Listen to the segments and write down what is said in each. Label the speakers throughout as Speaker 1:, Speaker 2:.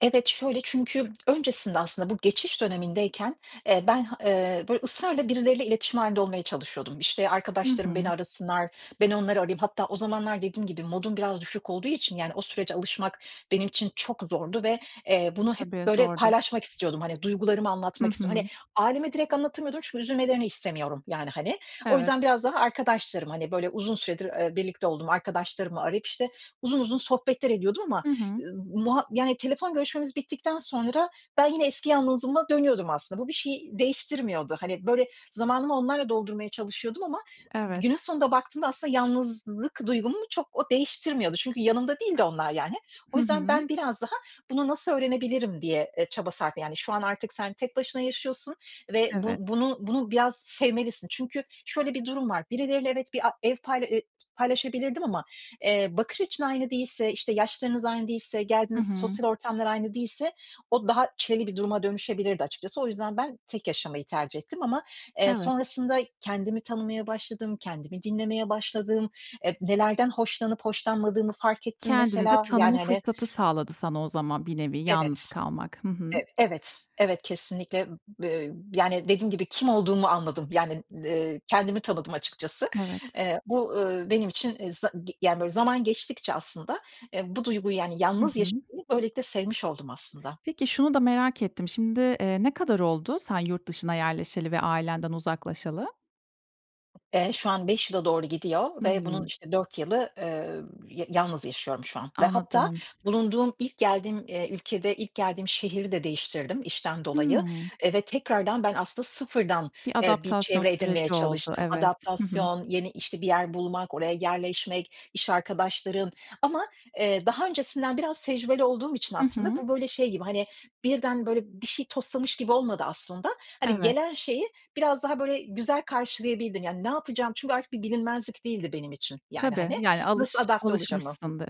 Speaker 1: Evet, şöyle, çünkü öncesinde, aslında bu geçiş dönemindeyken, eee, ben h eee, böyle, ısrarla birileriyle iletişim hâlinde olmaya çalışıyordum. İşte,
Speaker 2: Hı
Speaker 1: arkadaşlarım beni
Speaker 2: hı.
Speaker 1: arasınlar, ben onları arayayım. Hatta, o zamanlar, dediğim gibi modun biraz düşük olduğu için, yani, o sürece alışmak, benim için çok zordu ve, eee, bunu hep
Speaker 2: Tabii,
Speaker 1: böyle
Speaker 2: zordur.
Speaker 1: paylaşmak istiyordum, hani, duygularımı
Speaker 2: Hı
Speaker 1: anlatmak istiyordum. Hani,
Speaker 2: hı.
Speaker 1: aileme direkt anlatamıyordum çünkü üzülmelerini istemiyorum yani, hani. O yüzden
Speaker 2: Evet.
Speaker 1: biraz daha arkadaşlarım, hani böyle uzun süredir, ııı, birlikte olduğum arkadaşlarımı arayıp, işte, uzun, uzun sohbetler ediyordum ama,
Speaker 2: Hı hı.
Speaker 1: ııı, muha yani telefon görüşmemiz bittikten sonra, ben yine eski yalnızlığıma dönüyordum aslında. Bu, bir şeyi değiştirmiyordu. Hani, böyle zamanımı onlarla doldurmaya çalışıyordum ama günün
Speaker 2: Evet.
Speaker 1: sonunda baktığımda aslında yalnızlık duygumu çok o değiştirmiyordu. Çünkü yanımda değildi onlar yani. O
Speaker 2: Hı
Speaker 1: yüzden,
Speaker 2: hı.
Speaker 1: ben biraz daha, bunu nasıl öğrenebilirim diye, e, çaba sarf Yani şu an artık sen tek başına yaşıyorsun ve bu
Speaker 2: Evet.
Speaker 1: bunu, bunu biraz sevmelisin. Çünkü şöyle bir durum var. Birileriyle evet bir, a ev payla ııı, paylaşabilirdim ama, eee, bakış açın aynı değilse, işte, yaşlarınız aynı değilse,
Speaker 2: Hı
Speaker 1: geldiğiniz
Speaker 2: hı.
Speaker 1: sosyal ortamlar aynı değilse, o daha çileli bir duruma dönüşebilirdi açıkçası. O yüzden ben, tek yaşamayı tercih ettim ama, eee,
Speaker 2: Evet.
Speaker 1: sonrasında kendimi tanımaya başladım, kendimi dinlemeye başladım, e, nelerden hoşlanıp hoşlanmadığımı fark ettim
Speaker 2: Kendini de
Speaker 1: mesela
Speaker 2: tanıma
Speaker 1: yani, hani.
Speaker 2: fırsatı sağladı sana o zaman, bir nevi
Speaker 1: Evet,
Speaker 2: yalnız kalmak. Hı hı.
Speaker 1: ev evet, evet kesinlikle. B ııı, yani dediğim gibi, kim olduğumu anladım. Yani, ııı, kendimi tanıdım açıkçası.
Speaker 2: Evet.
Speaker 1: Eee, ol ııı, benim için za g yani böyle zaman geçtikçe aslında, eee, bu duyguyu, yani
Speaker 2: Hı
Speaker 1: yalnız
Speaker 2: hı.
Speaker 1: yaşamayı böylelikle sevmiş oldum aslında.
Speaker 2: Peki, şunu da merak ettim. Şimdi, ııı, ne kadar oldu sen yurt dışına yerleşeli ve ailenden uzaklaşalı?
Speaker 1: Eee, şu an 5 yıla doğru gidiyor ve bunun
Speaker 2: Hımm.
Speaker 1: işte 4 yılı, ııı, ya yalnız yaşıyorum şu an. Ve hatta,
Speaker 2: Anladım.
Speaker 1: bulunduğum, ilk geldiğim, eee, ülkede, ilk geldiğim şehri de değiştirdim işten dolayı,
Speaker 2: Hımm.
Speaker 1: eee, ve tekrardan ben aslında sıfırdan,
Speaker 2: Bir
Speaker 1: eee, bir
Speaker 2: adaptasyon
Speaker 1: çevre edinmeye
Speaker 2: süreci oldu,
Speaker 1: çalıştım.
Speaker 2: evet. Hı hı.
Speaker 1: Adaptasyon, yeni, işte, bir yer bulmak, oraya yerleşmek, iş arkadaşlarım ama, ııı, daha öncesinden biraz tecrübeli olduğum için
Speaker 2: Hı
Speaker 1: aslında,
Speaker 2: hı.
Speaker 1: bu böyle şey gibi, hani birden böyle bir şey toslamış gibi olmadı aslında. Hani
Speaker 2: Evet.
Speaker 1: gelen şeyi, biraz daha böyle güzel karşılayabildim. Yani ne yapacağım, çünkü artık bir bilinmezlik değildi benim için yani,
Speaker 2: Tabii,
Speaker 1: hani.
Speaker 2: yani
Speaker 1: Nasıl
Speaker 2: alış
Speaker 1: adapte olacağımı
Speaker 2: alışmışsındır.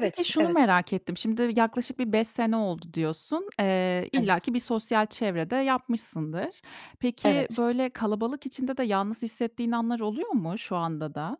Speaker 2: Peki, şunu
Speaker 1: evet.
Speaker 2: merak ettim, şimdi yaklaşık bir 5 sene oldu diyorsun. Eee,
Speaker 1: Evet.
Speaker 2: illaki bir sosyal çevre de yapmışsındır. Peki,
Speaker 1: Evet.
Speaker 2: böyle kalabalık içinde de yalnız hissettiğin anlar oluyor mu şu anda da?